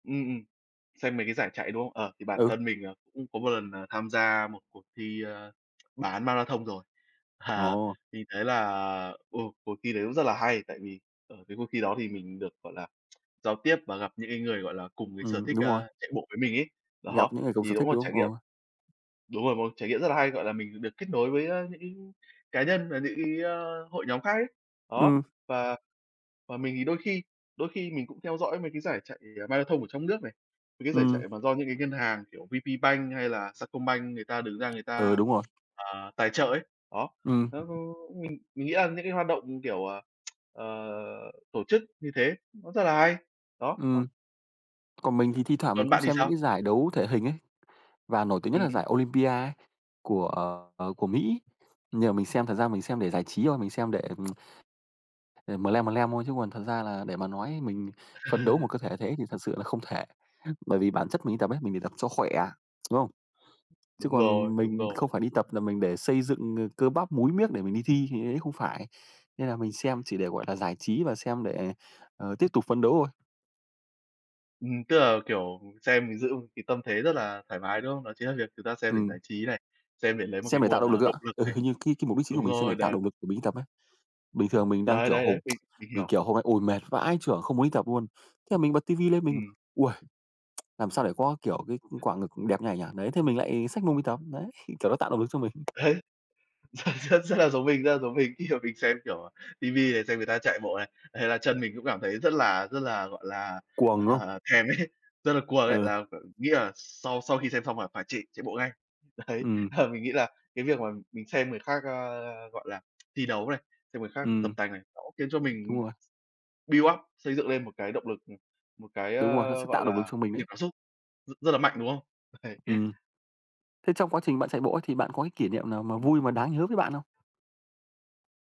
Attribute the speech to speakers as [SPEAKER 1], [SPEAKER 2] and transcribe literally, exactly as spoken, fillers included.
[SPEAKER 1] Ừm, ừm. Xem mấy cái giải chạy, đúng không? Ờ, thì bản
[SPEAKER 2] Ừ.
[SPEAKER 1] thân mình là cũng có một lần là tham gia một cuộc thi, ơ, bán marathon rồi. À,
[SPEAKER 2] Ồ.
[SPEAKER 1] mình thấy là ồ, cuộc thi đấy cũng rất là hay. Tại vì ở cái cuộc thi đó thì mình được, gọi là, giao tiếp và gặp những cái người, gọi là, cùng cái sở
[SPEAKER 2] Ừm,
[SPEAKER 1] thích,
[SPEAKER 2] đúng rồi.
[SPEAKER 1] ơ, chạy bộ với mình ấy. Đó,
[SPEAKER 2] Gặp những người cùng
[SPEAKER 1] thì
[SPEAKER 2] sở thích,
[SPEAKER 1] đúng là
[SPEAKER 2] đúng
[SPEAKER 1] trải nghiệm
[SPEAKER 2] không? Ờ.
[SPEAKER 1] đúng rồi, một trải nghiệm rất là hay, gọi là, mình được kết nối với, ơ, những cái cá nhân và những cái, ơ, hội nhóm khác ấy. Đó.
[SPEAKER 2] Ừm.
[SPEAKER 1] Và và mình thì đôi khi đôi khi mình cũng theo dõi mấy cái giải chạy, ờ, marathon ở trong nước này, mấy cái giải
[SPEAKER 2] Ừm.
[SPEAKER 1] chạy mà do những cái ngân hàng, kiểu, VPBank hay là Sacombank, người ta đứng ra, người
[SPEAKER 2] Ừm,
[SPEAKER 1] ta,
[SPEAKER 2] đúng rồi.
[SPEAKER 1] ờ, tài trợ ấy. Đó.
[SPEAKER 2] Ừm.
[SPEAKER 1] Ơ, ơ, mình mình nghĩ là những cái hoạt động, kiểu, ờ, ờ, tổ chức như thế nó rất là hay. Đó, đó.
[SPEAKER 2] Ừm. Còn mình thì thi thoảng mình
[SPEAKER 1] Còn
[SPEAKER 2] cũng
[SPEAKER 1] bạn thì
[SPEAKER 2] xem những
[SPEAKER 1] sao?
[SPEAKER 2] cái giải đấu thể hình ấy, và nổi tiếng nhất là
[SPEAKER 1] Ừm.
[SPEAKER 2] giải Olympia ấy, của, ờ, của Mỹ. Nhưng mà mình xem, thật ra mình xem để giải trí thôi, mình xem để mlem mlem thôi. Chứ còn thật ra là để mà nói mình phấn đấu một cơ thể như thế thì thật sự là không thể. Bởi vì bản
[SPEAKER 1] Ừm.
[SPEAKER 2] chất mình đi tập ấy, mình đi tập cho khỏe, đúng không? Chứ
[SPEAKER 1] Đúng
[SPEAKER 2] còn
[SPEAKER 1] rồi, đúng
[SPEAKER 2] mình không
[SPEAKER 1] rồi.
[SPEAKER 2] phải đi tập là mình để xây dựng, ờ, cơ bắp, múi miếc để mình đi thi, thì đấy không phải. Nên là mình xem chỉ để, gọi là, giải trí và xem để, ờ, tiếp tục phấn đấu thôi.
[SPEAKER 1] Ừm. Tức là, kiểu, xem, mình giữ một cái tâm thế rất là thoải mái, đúng không? Đó chính là việc người ta xem để giải
[SPEAKER 2] Ừm.
[SPEAKER 1] trí này, xem để lấy một cái
[SPEAKER 2] Xem để tạo
[SPEAKER 1] nguồn,
[SPEAKER 2] động
[SPEAKER 1] ờ,
[SPEAKER 2] lực
[SPEAKER 1] động
[SPEAKER 2] ạ.
[SPEAKER 1] lực
[SPEAKER 2] Ừ,
[SPEAKER 1] này.
[SPEAKER 2] hình như cái cái mục đích chính của
[SPEAKER 1] Đúng
[SPEAKER 2] mình xem
[SPEAKER 1] rồi,
[SPEAKER 2] để tạo
[SPEAKER 1] đấy.
[SPEAKER 2] động lực của mình đi tập á. Bình thường mình đang,
[SPEAKER 1] Đấy,
[SPEAKER 2] kiểu,
[SPEAKER 1] đấy,
[SPEAKER 2] ờm,
[SPEAKER 1] đấy. Mình mình
[SPEAKER 2] mình
[SPEAKER 1] hiểu.
[SPEAKER 2] kiểu hôm nay uầy, mệt vãi chưởng, không muốn đi tập luôn. Thế là mình bật TV lên, mình:
[SPEAKER 1] Ừm.
[SPEAKER 2] "Uầy, làm sao để có, kiểu, cái quả ngực đẹp như này nhỉ?" Đấy, thế mình lại xách mông đi tập. Đấy, kiểu nó tạo động lực cho mình.
[SPEAKER 1] Đấy, ờ, rất rất là giống mình, rất là giống mình. Khi mà mình xem, kiểu, TV này, xem người ta chạy bộ này, thế là chân mình cũng cảm thấy rất là rất là, gọi là,
[SPEAKER 2] Cuồng, đúng hông?
[SPEAKER 1] à, thèm ấy, rất là cuồng ấy,
[SPEAKER 2] Ừ.
[SPEAKER 1] là, ờ, nghĩ là sau sau khi xem xong là phải chạy chạy bộ ngay. Đấy,
[SPEAKER 2] Ừm.
[SPEAKER 1] ờ, mình nghĩ là cái việc mà mình xem người khác, ơ, gọi là, thi đấu này, xem người khác tập
[SPEAKER 2] Ừm.
[SPEAKER 1] tành này, nó cũng khiến cho mình
[SPEAKER 2] Đúng rồi.
[SPEAKER 1] build up, xây dựng lên một cái động lực, ừm, một cái,
[SPEAKER 2] Đúng rồi, nó sẽ
[SPEAKER 1] ơ, gọi
[SPEAKER 2] tạo động lực
[SPEAKER 1] là,
[SPEAKER 2] cho mình đấy.
[SPEAKER 1] niềm cảm xúc rất rất là mạnh, đúng không? Uầy.
[SPEAKER 2] Ừm. Thế trong quá trình bạn chạy bộ ấy, thì bạn có cái kỷ niệm nào mà
[SPEAKER 1] Ừm.
[SPEAKER 2] vui, mà đáng nhớ với bạn không?.